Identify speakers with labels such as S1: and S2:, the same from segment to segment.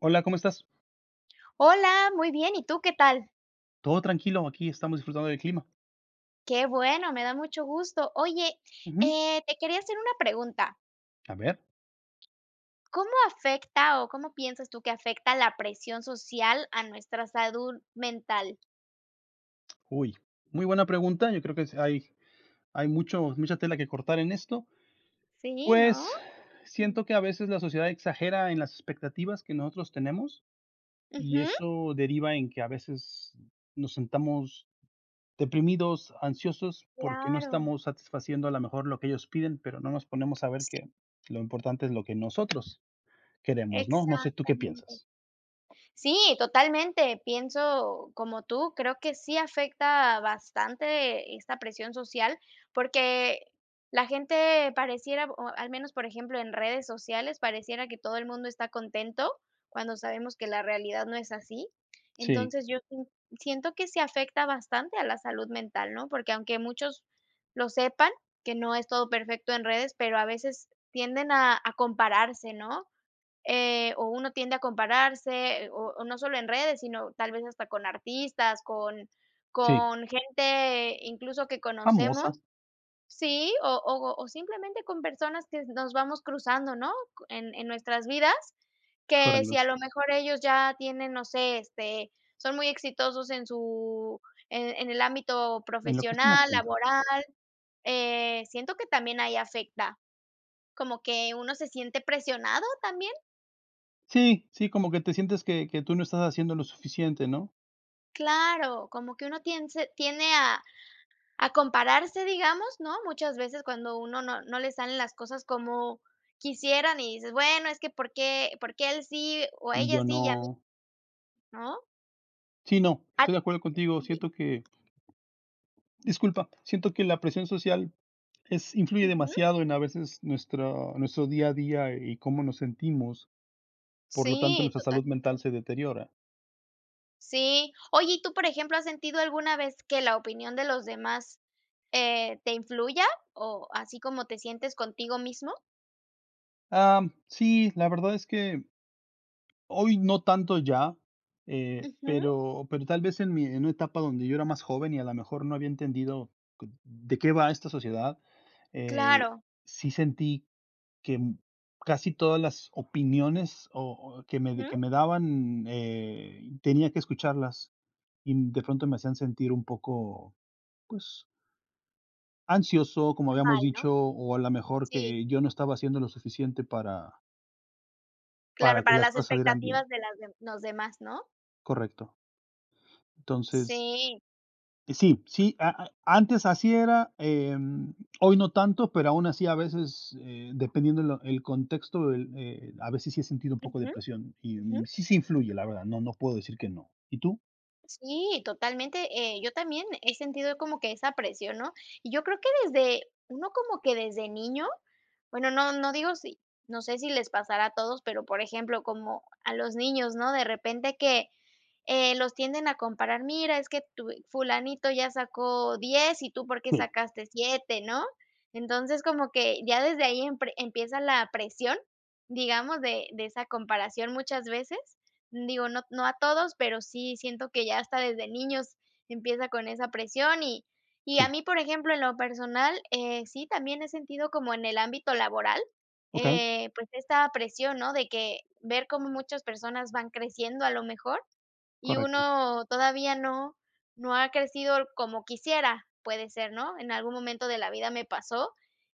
S1: Hola, ¿cómo estás?
S2: Hola, muy bien ¿y tú qué tal?
S1: Todo tranquilo, aquí estamos disfrutando del clima.
S2: Qué bueno, me da mucho gusto. Oye,
S1: Ujú.
S2: eh, te quería hacer una pregunta.
S1: A ver.
S2: ¿Cómo afecta o cómo piensas tú que afecta la presión social a nuestra salud mental?
S1: Uy, muy buena pregunta, yo creo que es hay hay mucho mucha tela que cortar en esto.
S2: ¿Sí, no?
S1: Pues,
S2: Mm.
S1: siento que a veces la sociedad exagera en las expectativas que nosotros nos tenemos, y
S2: Ujú.
S1: eso deriva en que a veces nos sintamos deprimidos, ansiosos, porque no
S2: Claro.
S1: estamos satisfaciendo a lo mejor lo que ellos piden, pero no nos ponemos a ver
S2: Sí.
S1: que lo importante es lo que nosotros queremos, ¿no?, no sé, ¿tú qué
S2: Exactamente.
S1: piensas?
S2: Sí, totalmente, pienso, como tú, creo que sí afecta bastante esta presión social, porque la gente pareciera, o al menos, por ejemplo, en redes sociales, pareciera que todo el mundo está contento, cuando sabemos que la realidad no es así.
S1: Sí.
S2: Entonces, yo sien siento que sí afecta bastante a la salud mental, ¿no?, porque aunque muchos lo sepan, que no es todo perfecto en redes, pero a veces tienden a a compararse, ¿no?, eh, o uno tiende a compararse, o o no sólo en redes, sino tal vez hasta con artistas, con
S1: Sí.
S2: con gente incluso que conocemos,
S1: Famosa.
S2: ¿sí? o o o simplemente con personas que nos vamos cruzando, ¿no?, en en nuestras vidas, que si a
S1: Correcto.
S2: lo mejor ellos ya tienen, no sé, este, son muy exitosos en su en en el ámbito
S1: En lo que estén
S2: profesional,
S1: haciendo.
S2: laboral, eh, siento que también ahí afecta, como que uno se siente, ¿presionado también?
S1: Sí, sí, como que te sientes que que tú no estás haciendo lo suficiente ¿no?
S2: Claro, como que uno tiense tiende a a compararse, digamos, ¿no? Muchas veces cuando uno no no le salen las cosas como quisieran y dices, bueno, es que por qué por qué él sí o
S1: Y
S2: ella
S1: yo
S2: sí y a mí
S1: no
S2: ¿No?
S1: Sí, no,
S2: Ad
S1: estoy de acuerdo
S2: que
S1: contigo,
S2: sí.
S1: siento que Disculpa, siento que la presión social es influye
S2: Ujú.
S1: demasiado en a veces nuestro nuestro día a día y cómo nos sentimos, por lo tanto
S2: Sí,
S1: nuestra salud mental
S2: totalmente.
S1: se deteriora.
S2: Sí. Oye, y tú, por ejemplo, ¿has sentido alguna vez que la opinión de los demás, eh, te influya o así como te sientes contigo mismo?
S1: Ah, sí, la verdad es que hoy no tanto ya, eh,
S2: Ujú.
S1: pero pero tal vez en mi en una etapa donde yo era más joven y a la mejor no había entendido de qué va esta sociedad, eh,
S2: Claro.
S1: sí sentí que m casi todas las opiniones o o que me que
S2: Ujú.
S1: me daban, eh, tenía que escucharlas y de pronto me hacían sentir un poco, pues ansioso, como habíamos
S2: Mal, ¿no?
S1: dicho, o a la mejor
S2: Sí.
S1: que yo no estaba haciendo lo suficiente para
S2: Claro,
S1: para que
S2: para
S1: las
S2: las
S1: cosas salieran bien.
S2: expectativas de las de los demás, ¿no?
S1: Correcto. Entonces
S2: Sí.
S1: Sí, sí, a e antes así era, em, hoy no tanto, pero aún así a veces, eh, dependiendo lo el contexto del, eh, a veces sí he sentido un poco de
S2: Ujú,
S1: presión, y
S2: ujú.
S1: sí, sí influye, la verdad, no no no puedo decir que no. ¿Y tú?
S2: Sí, totalmente. Eh, yo también he sentido como que esa presión, ¿no? Y yo creo que desde uno como que desde niño, bueno, no no digo si no sé si les pasará a todos, pero, por ejemplo, como a los niños, ¿no?, de repente que, eh, los tienden a comparar, mira, es que tu fulanito ya sacó 10, ¿y tú por qué
S1: Sí.
S2: sacaste 7?, ¿no? Entonces, como que ya desde ahí empre empieza la presión, digamos, de de esa comparación muchas veces. Digo, no no a todos, pero sí siento que ya hasta desde niños empieza con esa presión y y
S1: Sí.
S2: a mí, por ejemplo, en lo personal, eh, sí también he sentido como en el ámbito laboral,
S1: Okey.
S2: eh, pues, esta presión, ¿no? De que, ver cómo muchas personas van creciendo a lo mejor, y
S1: Correcto.
S2: uno todavía no no ha crecido como quisiera, puede ser, ¿no? En algún momento de la vida me pasó,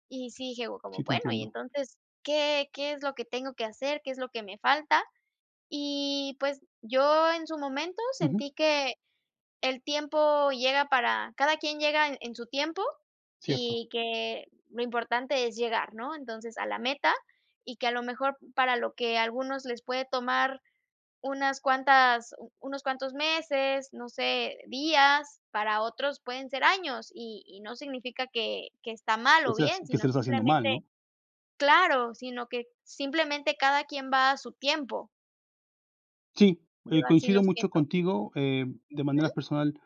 S2: y sí, dije, como:
S1: Sí te
S2: "Bueno, y,
S1: entiendo.
S2: entonces, ¿qué qué es lo que tengo que hacer? ¿Qué es lo que me falta?" Y, pues, yo en su momento
S1: Ujú.
S2: sentí que el tiempo llega para cada quien llega en su tiempo,
S1: Cierto.
S2: y que lo importante es llegar, ¿no? Entonces, a la meta, y que a lo mejor para lo que a algunos les puede tomar unas cuantas u unos cuantos meses, no sé, días, para otros pueden ser años, y y no significa que que está mal
S1: ¿Qué
S2: o
S1: estás
S2: bien,
S1: qué
S2: sino
S1: estarás haciendo
S2: simplemente
S1: mal, ¿no?
S2: Claro, sino que simplemente cada quien va a su tiempo.
S1: Sí,
S2: Yo
S1: eh,
S2: así lo
S1: coincido mucho
S2: siento.
S1: contigo. Eh, de
S2: Ujú.
S1: manera personal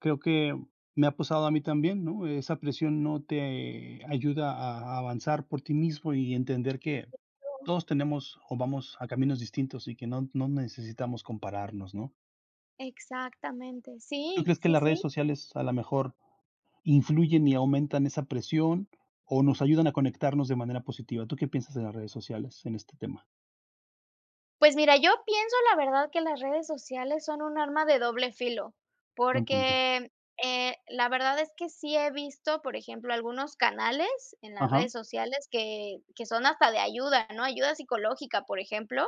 S1: creo que me ha pasado a mí también, ¿no? Esa presión no te ayuda a avanzar por ti mismo y entender que
S2: [unintelligible]
S1: todos tenemos o vamos a caminos distintos y que no no necesitamos compararnos, ¿no?
S2: Exactamente.
S1: ¿Tú
S2: Sí,
S1: crees que
S2: sí,
S1: las redes
S2: sí.
S1: sociales a la mejor influyen y aumentan esa presión o nos ayudan a conectarnos de manera positiva? ¿Tú qué piensas de las redes sociales en este tema?
S2: Pues, mira, yo pienso, la verdad, que las redes sociales son un arma de doble filo,
S1: Buen punto.
S2: porque, eh, la verdad es que sí he visto, por ejemplo, algunos canales en las
S1: Ajá.
S2: redes sociales que que son hasta de ayuda, ¿no? Ayuda psicológica, por ejemplo,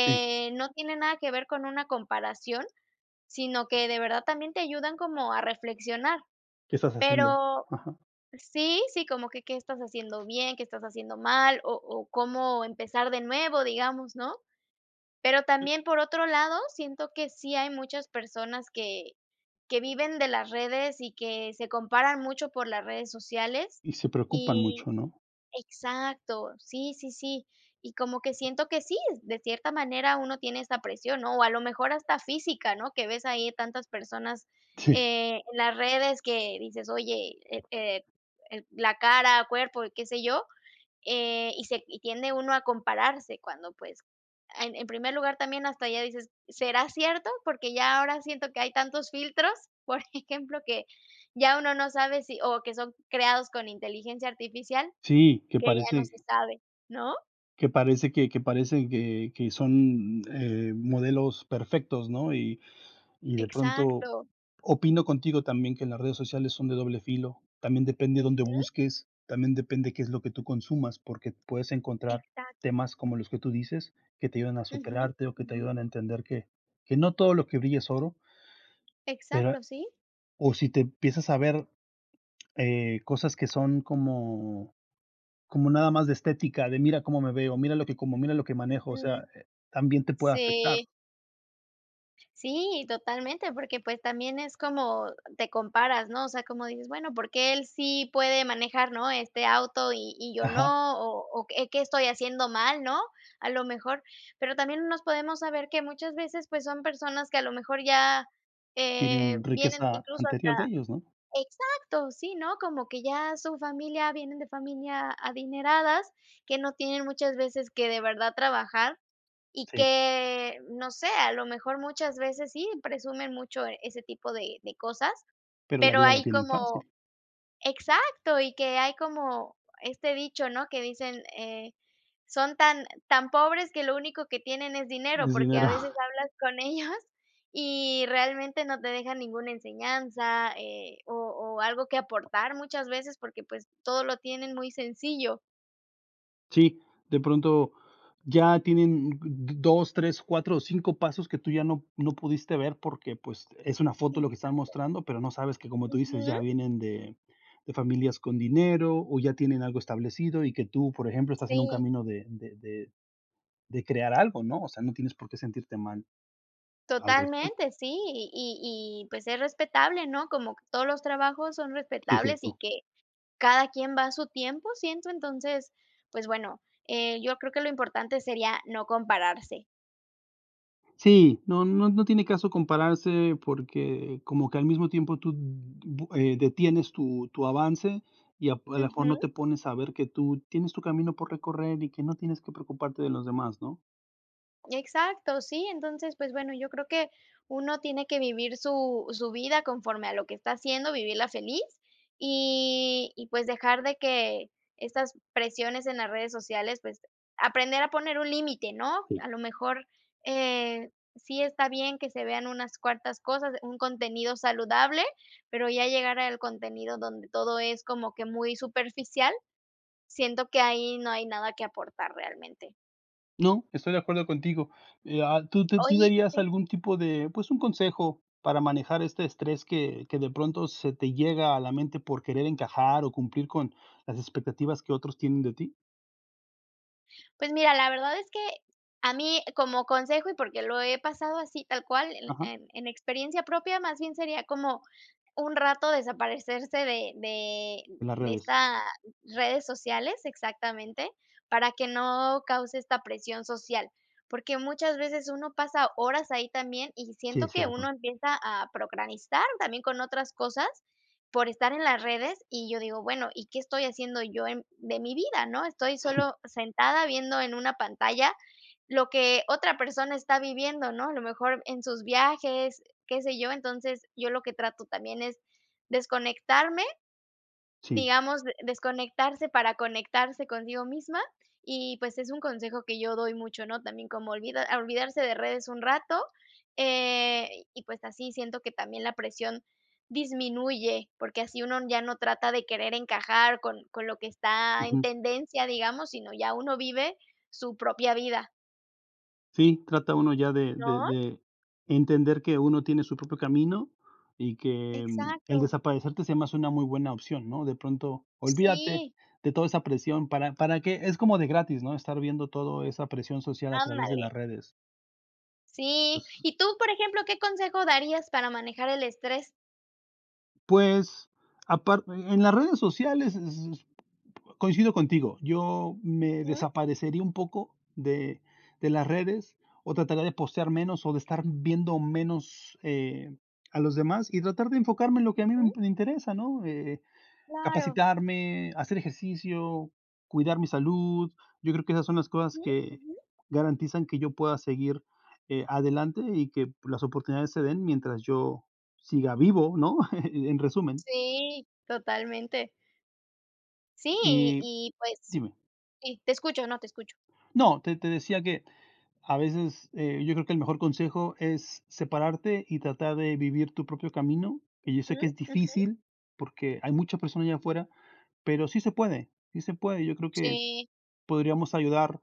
S1: Sí.
S2: no tiene nada que ver con una comparación, sino que de verdad también te ayudan como a reflexionar.
S1: ¿Qué estás haciendo?
S2: Pero
S1: Ajá.
S2: sí, sí, como que ¿qué estás haciendo bien?, ¿qué estás haciendo mal? o o cómo empezar de nuevo, digamos, ¿no? Pero también, por otro lado, siento que sí hay muchas personas que que viven de las redes y que se comparan mucho por las redes sociales
S1: Y se preocupan
S2: y
S1: mucho, ¿no?
S2: Exacto, sí, sí, sí. Y como que siento que sí, de cierta manera uno tiene esta presión, ¿no? O a lo mejor hasta física, ¿no? Que ves ahí, tantas personas,
S1: Sí.
S2: eh, en las redes que dices: "Oye, eh eh eh, la cara, cuerpo", qué sé yo, eh, y se y tiende uno a compararse cuando, pues, e en primer lugar también hasta ya dices: "¿Será cierto?". Porque ya ahora siento que hay tantos filtros, por ejemplo, que ya uno no sabe si o que son creados con inteligencia artificial,
S1: Sí, que
S2: que ya no se
S1: parece
S2: sabe, ¿no?
S1: que parece que que parece, que que son, mm, eh, modelos perfectos, ¿no? Y y de pronto
S2: Exacto.
S1: opino contigo también que las redes sociales son de doble filo, también depende dónde
S2: Ujú.
S1: busques, también depende qué es lo que tú consumas, porque puedes encontrar
S2: Exacto.
S1: temas como los que tú dices, que te ayudan a
S2: Ujú.
S1: superarte o que te
S2: Ujú.
S1: ayudan a entender que que no todo lo que brilla es oro. Pero
S2: Exacto, sí.
S1: o si te empiezas a ver, eh, cosas que son como como nada más de estética, de mira cómo me veo, mira lo que como, mira lo que
S2: Ujú.
S1: manejo, o
S2: Sí.
S1: sea, eh, también te puede afectar.
S2: Si. Sí, totalmente, porque pues, también es como te comparas, ¿no? O sea, como dices: "Bueno, ¿por qué él sí puede manejar, no, este auto y y yo
S1: Ajá.
S2: no?", o o eh, "¿qué estoy haciendo mal?", ¿no? A lo mejor, pero también no nos podemos saber que muchas veces pues, son personas que a lo mejor ya, eh,
S1: Tienen
S2: vienen
S1: riqueza
S2: incluso hasta
S1: anterior de ellos, ¿no?
S2: ¡exacto! sí, ¿no? Como que ya su familia vienen de familia adineradas, que no tienen muchas veces que de verdad trabajar y
S1: Si.
S2: que, no sé, a lo mejor muchas veces, sí, presumen mucho ese tipo de de cosas,
S1: Pero la
S2: pero
S1: vida la
S2: hay
S1: tienen
S2: como
S1: fácil.
S2: ¡exacto! y que hay como, este dicho ¿no? Que dicen: eh, "Son tan tan pobres que lo único que tienen es dinero",
S1: Es
S2: porque a
S1: dinero.
S2: veces hablas con ellos y realmente no te dejan ninguna enseñanza, eh, o o algo que aportar muchas veces, porque pues todo lo tienen muy sencillo.
S1: Sí, de pronto ya tienen mm, 2, 3, 4 o 5 pasos que tú ya no no pudiste ver, porque pues, es una foto lo que están
S2: Exacto.
S1: mostrando, pero no sabes que como tú dices:
S2: Ujú.
S1: "Ya vienen de de familias con dinero o ya tienen algo establecido", y que tú por ejemplo estás en un
S2: Si.
S1: camino de de de de crear algo, ¿no? O sea, no tienes por qué sentirte mal, al respec
S2: Totalmente, sí y y y pues, es respetable, ¿no? Como todos los trabajos son
S1: Si, es
S2: respetables y
S1: cierto.
S2: que cada quien va su tiempo, siento entonces pues, bueno, eh, yo creo que lo importante sería no compararse.
S1: Sí, no no no tiene caso compararse porque como que al mismo tiempo tú d bu eh, detienes tu tu avance y ap a lo mejor
S2: Ujú.
S1: no te pones a ver que tú tienes tu camino por recorrer y que no tienes que preocuparte de los demás, ¿no?
S2: Exacto, sí, entonces, pues, bueno, yo creo que uno tiene que vivir su su vida conforme a lo que está haciendo, vivirla feliz, y y, pues, dejar de que estas presiones en las redes sociales, pues, aprender a poner un límite, ¿no?
S1: Sí.
S2: A lo mejor, eh, sí está bien que se vean unas cuartas cosas, un contenido saludable, pero ya llegar al contenido donde todo es como que muy superficial, siento que ahí no hay nada que aportar realmente.
S1: No, estoy de acuerdo contigo. Eh, ah, ¿tú tú tú
S2: Oye,
S1: dirías
S2: sí.
S1: algún tipo de, pues, un consejo para manejar este estrés que que de pronto, se te llega a la mente por querer encajar o cumplir con las expectativas que otros tienen de ti?
S2: Pues, mira, la verdad es que a mí, como consejo, y porque lo he pasado así tal cual, el
S1: Ajá.
S2: en en experiencia propia, más bien sería como un rato desaparecerse de de
S1: En las
S2: de
S1: redes.
S2: esta redes sociales. Exactamente, para que no cause esta presión social. Porque muchas veces uno pasa horas ahí también y
S1: Sí,
S2: siento
S1: es
S2: que uno
S1: cierto.
S2: empieza a procrastinar también con otras cosas, por estar en las redes, y yo digo: "Bueno, ¿y qué estoy haciendo yo en de mi vida?, ¿no? Estoy
S1: Sí.
S2: solo sentada viendo en una pantalla lo que otra persona está viviendo", ¿no? A lo mejor, en sus viajes, eh, qué sé yo. Entonces, yo lo que trato también es desconectarme,
S1: Sí.
S2: digamos, de desconectarse para conectarse consigo misma y, pues, es un consejo que yo doy mucho, ¿no? También como olvida olvidarse de redes un rato, eh, y pues, así siento que también la presión disminuye, porque así uno ya no trata de querer encajar con con lo que está en
S1: Ujú.
S2: tendencia, digamos, sino ya uno vive su propia vida.
S1: Sí, trata uno ya de de
S2: ¿No?
S1: de entender, que uno tiene su propio camino. Y que el
S2: Exacto.
S1: desaparecerte se me hace una muy buena opción, ¿no? De pronto, olvídate
S2: Sí.
S1: de toda esa presión. ¿Para para qué? Es como de gratis, ¿no? Estar viendo todo esa presión social, a través de
S2: Ándale.
S1: las redes.
S2: Sí.
S1: Pues
S2: Y tú, por ejemplo, ¿qué consejo darías, para manejar el estrés?
S1: pues, aparte En las redes sociales, s s coincido contigo. Yo me
S2: Ujú.
S1: desaparecería un poco de de las redes, o trataré de postear menos, o de estar viendo menos, eh, a los demás, y tratar de enfocarme en lo que a mí me
S2: Ujú.
S1: m interesa, ¿no? Eh,
S2: Claro.
S1: capacitarme, hacer ejercicio, cuidar mi salud. Yo creo que esas son las cosas
S2: Ujú.
S1: que
S2: Ujú.
S1: garantizan que yo pueda seguir, eh, adelante y que las oportunidades se den, mientras yo siga vivo, ¿no? En resumen.
S2: Sí. Totalmente. Sí, y
S1: Y
S2: y, pues,
S1: Dime.
S2: y te escucho. No, te escucho.
S1: No. Te te decía que a veces, eh, yo creo que el mejor consejo es separarte y tratar de vivir tu propio camino. Que yo sé
S2: Ujú.
S1: que es
S2: Ujú.
S1: difícil, porque hay muchas personas allá afuera, pero sí se puede, sí se puede. Yo creo que
S2: Sí.
S1: podríamos ayudar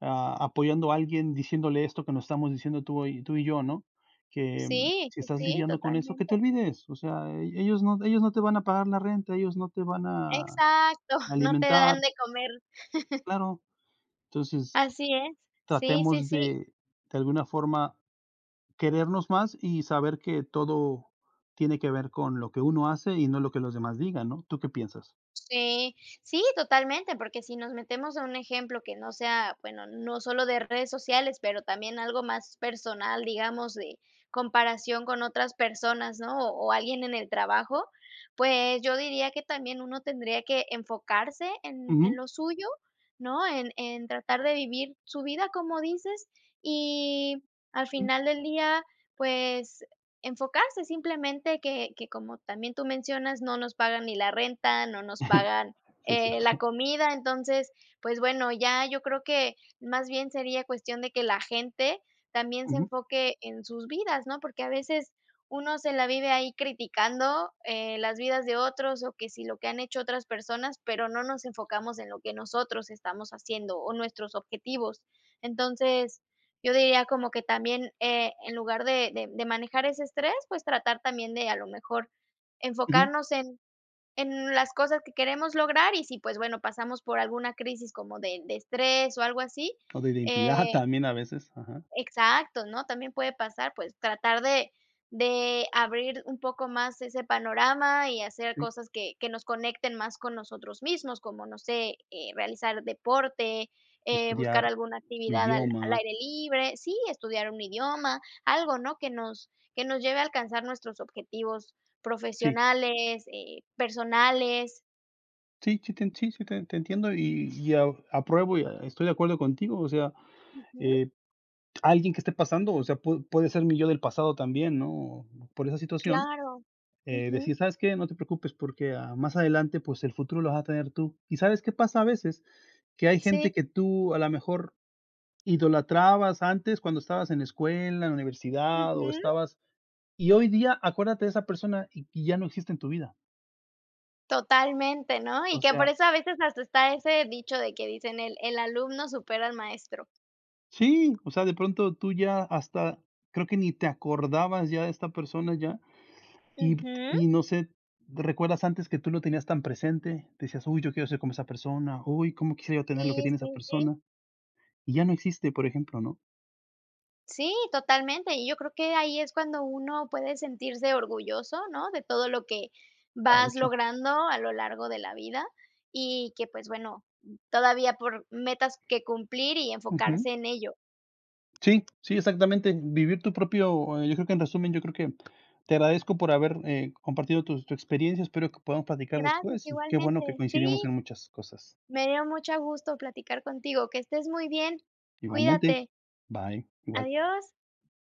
S1: a apoyando a alguien, diciéndole esto, que no estamos diciendo tú y tú y yo, ¿no? Que,
S2: Sí,
S1: si
S2: sí,
S1: estás
S2: sí.
S1: lidiando con eso, que te
S2: Totalmente.
S1: olvides. O sea, ellos no ellos no te van a pagar la renta, ellos no te van a
S2: Exacto. No te dan
S1: alimentar.
S2: de comer.
S1: Claro. Entonces,
S2: Así es. Sí, sí,
S1: tratemos
S2: sí.
S1: de de alguna forma, querernos más. Y saber que todo tiene qué ver, con lo que uno hace, y no lo que los demás digan, ¿no? ¿Tú qué piensas?
S2: Sí. Sí, totalmente, porque si nos metemos en un ejemplo que no sea Bueno, no sólo de redes sociales, pero también algo más personal, digamos, de comparación con otras personas, ¿no?, o o alguien en el trabajo. Pues, yo diría que también, uno tendría que enfocarse en en
S1: Ujú.
S2: lo suyo, ¿no? En en tratar de vivir su vida, como dices. Y, al final del día, pues, enfocarse. Simplemente, que que como también tú mencionas, no nos pagan ni la renta, no nos pagan,
S1: Si, es
S2: eh,
S1: cierto.
S2: la comida. Entonces, pues, bueno, ya yo creo que más bien sería cuestión de que la gente también se
S1: Ujú.
S2: enfoque en sus vidas, ¿no? Porque a veces, uno se la vive ahí, criticando, eh, las vidas de otros. O que si lo que han hecho otras personas, pero no nos enfocamos en lo que nosotros estamos haciendo o nuestros objetivos. Entonces, yo diría como que también, eh, en lugar de de de manejar ese estrés, pues, tratar también, de a lo mejor,
S1: Ujú.
S2: enfocarnos en en las cosas que queremos lograr. Y sí, pues, bueno, pasamos por alguna crisis, como de de estrés, o algo así,
S1: O de identidad,
S2: eh
S1: también, a veces. Ajá.
S2: exacto, ¿no? También puede pasar. Pues, tratar de de abrir un poco más ese panorama y hacer
S1: Sí.
S2: cosas que que nos conecten más con nosotros mismos, como no sé. Eh, realizar deporte, eh, buscar
S1: Estudiar,
S2: alguna
S1: un
S2: actividad al al
S1: idioma.
S2: aire libre. Sí, estudiar un idioma. Algo, ¿no? Que nos que nos lleve a alcanzar nuestros objetivos
S1: Sí.
S2: profesionales, eh, personales.
S1: Sí, sí te sí te te te entiendo y y, apruebo y e estoy de acuerdo contigo, o sea,
S2: Ujú.
S1: eh, alguien que esté pasando o sea, pudo puede ser mi yo del pasado también, ¿no?, por esa situación,
S2: Claro,
S1: eh,
S2: ujú.
S1: decir: "¿Sabes qué?, no te preocupes porque, ah, más adelante, pues, el futuro lo vas a tener tú", ¿y sabes qué pasa a veces?, que hay gente
S2: Sí.
S1: que tú, a la mejor, idolatrabas antes cuando estabas en escuela, en la universidad o
S2: Ujú.
S1: estabas y hoy día acuérdate de esa persona y-y ya no existe en tu vida.
S2: Totalmente, ¿no?, y
S1: O
S2: que por
S1: sea
S2: eso a veces hasta está ese dicho de que dicen: "El, el alumno supera al maestro".
S1: Sí, o sea, de pronto tú ya, hasta, creo que ni te acordabas ya de esta persona ya y
S2: Ujú.
S1: y no sé, ¿recuerdas antes que tú lo tenías tan presente?, decías: "Uy, yo quiero ser como esa persona, uy, cómo quisiera yo tener lo que
S2: Sí,
S1: tiene esa
S2: sí, sí.
S1: persona", y ya no existe, por ejemplo, ¿no?
S2: Sí, totalmente, y yo creo que ahí es cuando uno puede sentirse orgulloso, ¿no?, de todo lo que,
S1: Ha
S2: vas
S1: hecho.
S2: logrando a lo largo de la vida y que, pues, bueno, todavía por metas que cumplir y enfocarse
S1: Ujú.
S2: en ello.
S1: Sí, sí, exactamente, vivir tu propio, eh, yo creo que en resumen, yo creo que te agradezco por haber, eh, compartido tus tu experiencia, espero que podamos platicar
S2: Gracias,
S1: después, y qué bueno que
S2: igualmente,
S1: coincidimos
S2: sí.
S1: en muchas cosas.
S2: Me dio mucho gusto platicar contigo, que estés muy bien,
S1: Igualmente,
S2: cuídate.
S1: bye, igual.
S2: Adiós.